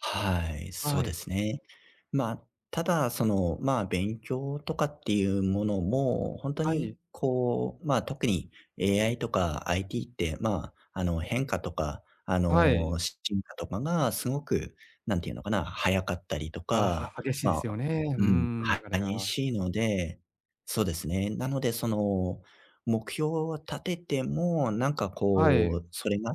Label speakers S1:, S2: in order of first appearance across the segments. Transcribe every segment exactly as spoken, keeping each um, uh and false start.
S1: はい、そう
S2: は
S1: で
S2: い。
S1: すね。まあ、ただその、まあ、勉強とかっていうものもほんと
S2: は
S1: に
S2: い。
S1: こう、ま、特に AI とか IT って、まあ、あの、変化とか、あ
S2: はい。
S1: の、し進化とかがすごく、なんて言うのかな、早かったりと
S2: あ、
S1: か、
S2: は激しいで
S1: ま
S2: すよ
S1: あ
S2: ね。うー
S1: うん、
S2: ん、
S1: は
S2: 流れ
S1: 激
S2: が。
S1: しいので、そうですね、なのでその、目標を立ててもなんか
S2: はい。
S1: こうそれが、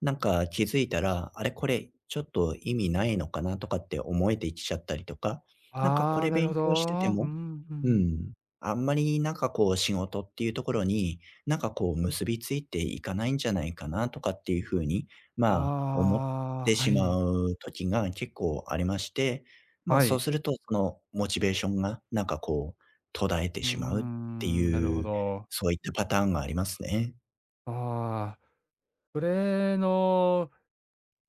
S1: なんか気づいたら、「あれ？これちょっと、意味ないのかな？」とかって思えてきちゃったりとか、「なんか、こ
S2: ああ、
S1: れ
S2: なる
S1: 勉
S2: ほ
S1: 強してて
S2: ど。う
S1: も
S2: んう
S1: う
S2: ん。
S1: ん、あんまりなんかこう、仕事っていうところに、なんかこう結びついていかないんじゃないかな？」とかっていう風に、まあ、思っ
S2: あ
S1: て
S2: あ、は
S1: しま
S2: い。
S1: う時が結構ありまして、ま、
S2: は
S1: そう
S2: い。
S1: するとその、モチベーションがなんかこう、途絶えて
S2: うー
S1: しまうって
S2: ん、なる
S1: い
S2: ほ
S1: う、
S2: ど。
S1: そういったパターンがありますね。
S2: ああ、それの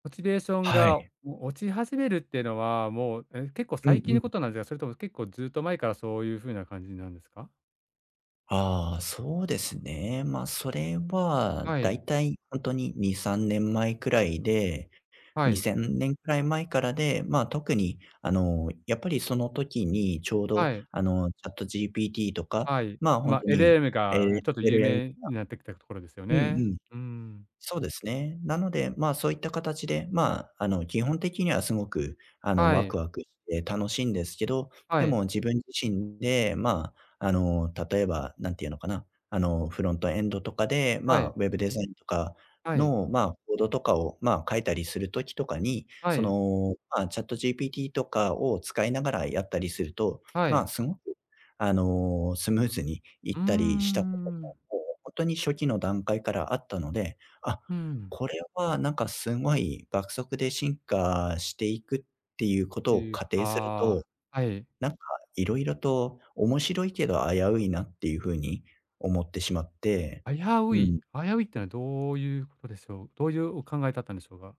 S2: モチベーション
S1: は
S2: が
S1: い。
S2: お落ち始めるってのは、もう、え、結構
S1: うん
S2: 最近
S1: う
S2: のこ
S1: ん。
S2: となんじゃそれとも結構ずっと前からそういう風な感じなんですか？
S1: ああ、そうですね。まあそれは、
S2: はい。
S1: 大体ほんとににさんねんまえくらいで
S2: は
S1: に
S2: い。
S1: せんねんくらい前からで、ま、特にあの、やっぱりその時にちょうど
S2: はい。
S1: あの、ChatGPT とか、
S2: はい。
S1: まあ、ほん
S2: ま、
S1: と
S2: エルエ
S1: に、
S2: ム
S1: エ
S2: が、ん、
S1: レ
S2: ちょっと
S1: エ
S2: 有
S1: ルエムが
S2: 名になってきたところですよ
S1: うんう
S2: ね、
S1: ん、
S2: うん。
S1: そうですね。なので、ま、そういったかたちで、ま、あの、基本的にはすごく、あの、
S2: は
S1: ワク
S2: い。
S1: ワクして楽しいんですけど、
S2: は
S1: で
S2: い。
S1: も自分自身で、まあ、あの、例えば、なんて言うのかな、あの、フロントエンドとかで、ま
S2: は
S1: あ
S2: い。
S1: ウェブデザインとか
S2: はい。
S1: の、まあコードとかを、ま、書いたりする時とかに、
S2: は
S1: そ
S2: い。
S1: の、まあ、ChatGPT とかを使いながらやったりすると、
S2: は
S1: まあ、
S2: い。
S1: すごくあの、スムーズにい
S2: う
S1: っ
S2: ーん、う
S1: たりしたこと
S2: んうん。
S1: も、もうほんとに初期の段階からあったので、「あ、
S2: ふん。
S1: これはなんか、すごい爆速で進化していくっていうことを
S2: いう、
S1: 仮定すると、
S2: はあ、はい。
S1: なんか色々と面白いけど危ういな」っていう風に思ってしまって、
S2: 危う
S1: う
S2: い？
S1: ん。
S2: 危ういってのはどういうことでしょう？どういうお考えだったんでしょうが。